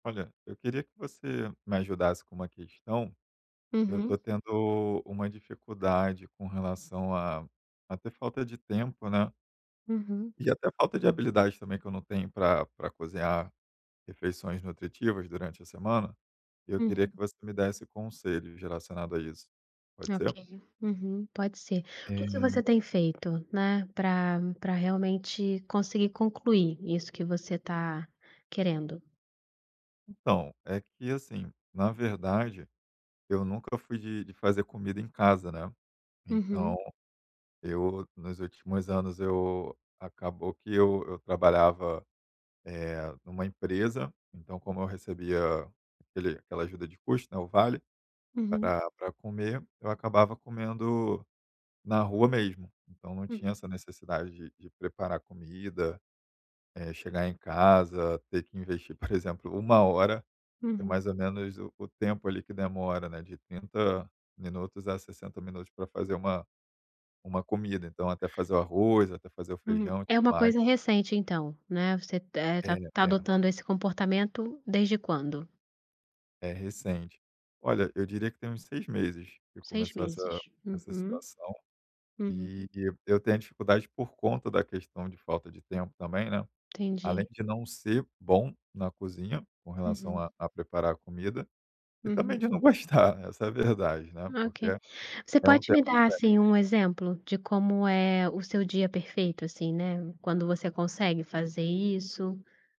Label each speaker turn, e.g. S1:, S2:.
S1: Olha, eu queria que você me ajudasse com uma questão, eu
S2: Uhum.
S1: estou tendo uma dificuldade com relação a a ter falta de tempo, né.
S2: Uhum.
S1: E até falta de habilidade, também, que eu não tenho pra pra cozinhar refeições nutritivas durante a semana, e eu queria
S2: Uhum.
S1: que você me desse conselhos relacionado a isso. Pode ser?
S2: Ok. Uhum. Pode ser. O que você
S1: É
S2: tem feito, né, pra pra realmente conseguir concluir isso que você está querendo?
S1: Então, é que, assim, na verdade, eu nunca fui de de fazer comida em casa, né. Então
S2: Uhum.
S1: eu nos últimos anos eu acabou que eu eu trabalhava, eh, numa empresa, então como eu recebia aquele aquela ajuda de custo, né, o vale
S2: Uhum.
S1: pra pra comer, eu acabava comendo na rua mesmo. Então não
S2: Hum.
S1: tinha essa necessidade de de preparar comida, eh, chegar em casa, ter que investir, por exemplo, 1 hora, que é
S2: Uhum.
S1: mais ou menos o o tempo, ali, que demora, né, de 30 minutos a 60 minutos pra fazer uma uma comida, então até fazer o arroz, até fazer o
S2: Hum.
S1: feijão,
S2: É uma
S1: mais.
S2: coisa recente então, né, você, eh, está
S1: É,
S2: está
S1: é.
S2: adotando esse comportamento desde quando?
S1: É recente. Olha, eu diria que tem uns 6 meses que
S2: 6
S1: começou essa
S2: meses.
S1: essa
S2: Uhum.
S1: situação,
S2: Uhum.
S1: e eu tenho a dificuldade por conta da questão de falta de tempo também, né. Além
S2: Entendi.
S1: de não ser bom na cozinha, com relação a
S2: Uhum.
S1: a preparar a comida, e também
S2: Uhum.
S1: de não gostar, essa é a verdade, né, porque
S2: Ok.
S1: é
S2: Você
S1: um
S2: pode
S1: tempo
S2: me
S1: que
S2: dar,
S1: perde.
S2: assim, um exemplo de como é o seu dia perfeito, assim, né, quando você consegue fazer isso?